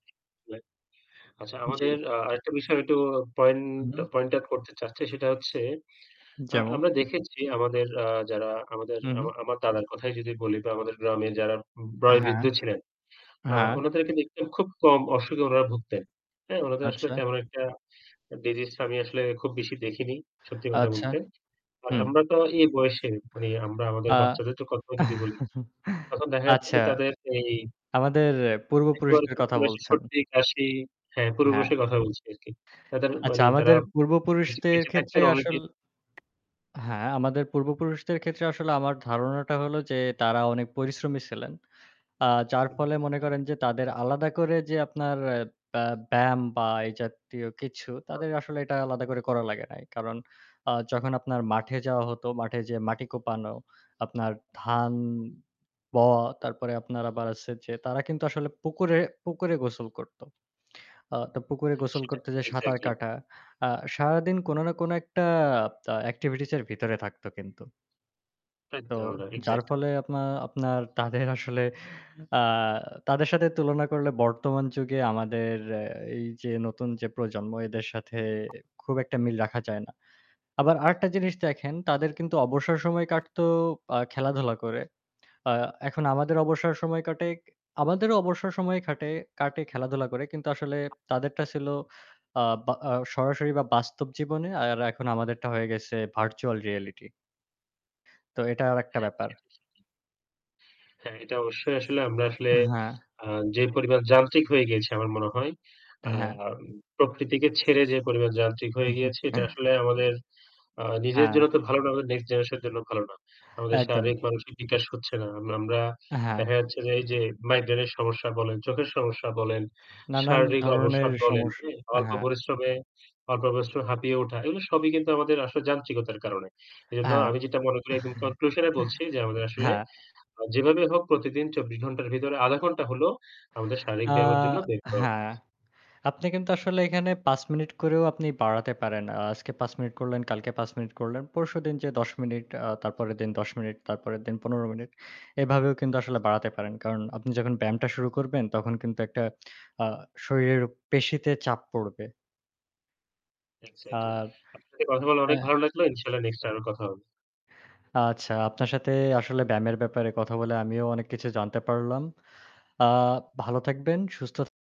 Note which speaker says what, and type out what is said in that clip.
Speaker 1: [unintelligible] আচ্ছা
Speaker 2: জি।
Speaker 1: আমাদের আ আরেকটা বিষয় একটু পয়েন্ট,
Speaker 2: হুম।
Speaker 1: পয়েন্ট আউট করতে চাচ্ছি সেটা হচ্ছে আ
Speaker 2: যেমন।
Speaker 1: আমরা দেখেছি আমাদের আ যারা আমাদের
Speaker 2: হু, হু।
Speaker 1: আমার আমার দাদার কথাই যদি বলি দা আমাদের গ্রামে যারা
Speaker 2: হ্যাঁ,
Speaker 1: বয়োবৃদ্ধ ছিলেন। আ
Speaker 2: হ্যাঁ।
Speaker 1: উনাদেরকে দেখতে খুব কম অসুখে উনারা ভুগতেন। হ্যাঁ? উনাদের আসলে
Speaker 2: আচ্ছা।
Speaker 1: তেমন একটা ডিসিজ আমি আসলে খুব বেশি দেখিনি। সত্যি কথা
Speaker 2: আচ্ছা,
Speaker 1: বলতে। আর
Speaker 2: হুম।
Speaker 1: আমরা তো এই বয়সে মানে আমরা আমাদের
Speaker 2: আ
Speaker 1: বাচ্চাদের তো কথা যদি বলি, তখন দেখা যাচ্ছে
Speaker 2: আচ্ছা।
Speaker 1: যে তাদের এই
Speaker 2: আমাদের
Speaker 1: একেবারে
Speaker 2: পূর্বপুরুষদের
Speaker 1: ছোট
Speaker 2: কথা
Speaker 1: বয়সে
Speaker 2: বলছেন।
Speaker 1: সর্দি, কাশি, হ্যাঁ পূর্ব
Speaker 2: হ্যাঁ।
Speaker 1: বয়সের কথা বলছি আরকি। তাদের
Speaker 2: আচ্ছা
Speaker 1: মানে তারা
Speaker 2: আমাদের
Speaker 1: বেঁচে
Speaker 2: পূর্বপুরুষদের
Speaker 1: বেঁচে
Speaker 2: ক্ষেত্রে
Speaker 1: থাকতেন অনেক
Speaker 2: আসল
Speaker 1: দিন।
Speaker 2: হ্যাঁ, আমাদের পূর্বপুরুষদের ক্ষেত্রে আসলে আমার ধারণাটা হল যে তারা অনেক পরিশ্রমী ছিলেন। আ যার
Speaker 1: হুম।
Speaker 2: ফলে মনে করেন যে তাদের আলাদা করে যে আপনার আ ব্যা ব্যায়াম বা এই জাতীয় কিছু
Speaker 1: [unintelligible]
Speaker 2: তাদের আসলে এটা আলাদা করে করা লাগে নাই। কারণ আ যখন আপনার মাঠে যাওয়া হতো, মাঠে যেয়ে মাটি কোপানো, আপনার ধান বওয়া তারপরে আপনার আবার আছে যে তারা কিন্তু আসলে পুকুরে, পুকুরে গোসল করত। আ তা পুকুরে
Speaker 1: হ্যাঁ,
Speaker 2: গোসল
Speaker 1: সেটাই
Speaker 2: করতে যে সাঁতার
Speaker 1: এক্সাক্টলি।
Speaker 2: কাটা। আ সারাদিন কোন না কোন একটা আ এক্টিভিটিস এর ভিতরে থাকতো কিন্তু। তো
Speaker 1: একদমই না
Speaker 2: যার
Speaker 1: এক্সাক্টলি।
Speaker 2: ফলে আপনা আপনার তাদের আসলে আ তাদের সাথে তুলনা করলে বর্তমান যুগে আমাদের এ এই যে নতুন যে প্রজন্ম এদের সাথে খুব একটা মিল রাখা যায় না। আবার আরেকটা জিনিস দেখেন, তাদের কিন্তু অবসর সময় কাটতো আ খেলাধুলা করে। আ এখন আমাদের অবসর সময় কাটে। আমাদেরও অবসর সময় খাটে কাটে খেলাধুলা করে। কিন্তু আসলে তাদেরটা ছিল আ বা আ সরাসরি বা বাস্তব জীবনে আর এখন আমাদেরটা হয়ে গেছে ভার্চুয়াল রিয়েলিটি। তো এটা আরেকটা
Speaker 1: হ্যাঁ।
Speaker 2: ব্যাপার।
Speaker 1: সেটাই, সেটাই। হ্যাঁ, এটা অবশ্যই আসলে আমরা আসলে
Speaker 2: হ্যাঁ।
Speaker 1: আ যে পরিমাণ যান্ত্রিক হয়ে গিয়েছি আমার মনে হয় আ
Speaker 2: হ্যাঁ।
Speaker 1: আম প্রকৃতিকে ছেড়ে যে পরিমাণ যান্ত্রিক হয়ে গিয়েছি এটা আসলে আমাদের আ নিজের জন্য
Speaker 2: হ্যাঁ।
Speaker 1: তো ভালো না হোলে নেক্সট জেনারেশন এর জন্য ভালো না। আমাদের
Speaker 2: একদম।
Speaker 1: শারীরিক মানসিক বিকাশ হচ্ছে না। আমরা আমরা
Speaker 2: হ্যাঁ।
Speaker 1: দেখা যাচ্ছে যে এই যে মাইগ্রেনের সমস্যা বলেন, চোখের সমস্যা বলেন,
Speaker 2: নানান
Speaker 1: শারীরিক
Speaker 2: ধরনের
Speaker 1: অবসাদ বলেন,
Speaker 2: সমস্
Speaker 1: হ্যাঁ? অল্প
Speaker 2: হ্যাঁ।
Speaker 1: পরিশ্রমে অল্প পরিশ্রমে হাঁপিয়ে ওঠা এগুলো সবই কিন্তু আমাদের আসল যান্ত্রিকতার কারণে। এজন্য
Speaker 2: আর
Speaker 1: আমি যেটা মনে করি একদম কনক্লুশন এ বলছি যে আমাদের আসলে
Speaker 2: হ্যাঁ।
Speaker 1: যেভাবে হোক প্রতিদিন ২৪ ঘণ্টার ভেতরে ০.৫ ঘণ্টা হলেও আমাদের শারীরিক
Speaker 2: আ
Speaker 1: ব্যায়ামের জন্য বের করা
Speaker 2: হ্যাঁ,
Speaker 1: উচিত।
Speaker 2: আপনি কিন্তু আসলে এখানে ৫ মিনিট করেও আপনি বাড়াতে পারেন। আজকে ৫ মিনিট করলেন, কালকে ৫ মিনিট করলেন। পরশুদিন যেয়ে ১০ আ মিনিট, তারপরের দিন ১০ মিনিট, তারপরের দিন ১৫ মিনিট। এভাবেও কিন্তু আসলে বাড়াতে পারেন। কারণ আপনি যখন ব্যায়ামটা শুরু করবেন তখন কিন্তু একটা আ শরীরের পেশিতে চাপ পড়বে।
Speaker 1: এক্সাক্টলি
Speaker 2: আর
Speaker 1: আপনার সাথে কথা বলা অনেক
Speaker 2: অ্যা
Speaker 1: ভালো লাগলো। ইনশাআল্লাহ নেক্সটএ আরো কথা হবে।
Speaker 2: আচ্ছা, আপনার সাথে আসলে ব্যায়ামের ব্যাপারে কথা বলে আমিও অনেক কিছু জানতে পারলাম। আ ভালো থাকবেন, সুস্থ